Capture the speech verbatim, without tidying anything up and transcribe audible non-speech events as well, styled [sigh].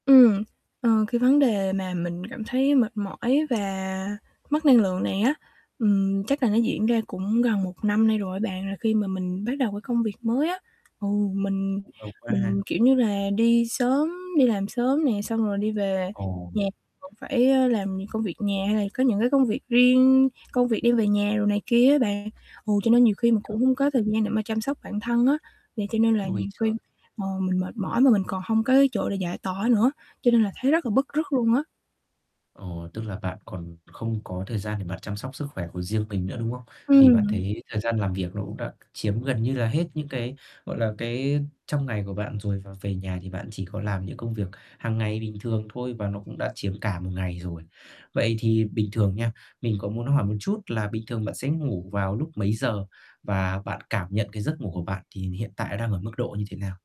Ừm, ờ, cái vấn đề mà mình cảm thấy mệt mỏi và mất năng lượng này á, ừm, chắc là nó diễn ra cũng gần một năm nay rồi á bạn, là khi mà mình bắt đầu cái công việc mới á. Ừ, mình Nhức đầu quá ha? mình, kiểu như là, đi sớm đi làm sớm nè, xong rồi đi về Ồ! nhà còn phải, á, làm công việc nhà hay là có những cái công việc riêng, công việc đem về nhà đồ này kia á bạn. Ừ, cho nên nhiều khi mình cũng [unintelligible] hông có thời gian để mà chăm sóc bản thân á, thì cho nên là Ui nhiều khi giời! ờ, mình mệt mỏi mà mình còn hông có cái chỗ để giải tỏa nữa, cho nên là thấy rất là [unintelligible] bứt rứt luôn á. Ờ, tức là bạn còn không có thời gian để bạn chăm sóc sức khỏe của riêng mình nữa, đúng không? Thì bạn Ừm. thấy thời gian làm việc nó cũng đã c chiếm gần như là hết những cái, gọi là, cái, trong ngày của bạn rồi và về nhà thì bạn chỉ có làm những công việc hằng ngày bình thường thôi và nó cũng đã chiếm cả một ngày rồi. Vậy thì bình thường nha, mình có muốn hỏi một chút là bình thường bạn sẽ ngủ vào lúc mấy giờ? Và bạn cảm nhận cái giấc ngủ của bạn thì hiện tại đang ở mức độ như thế nào?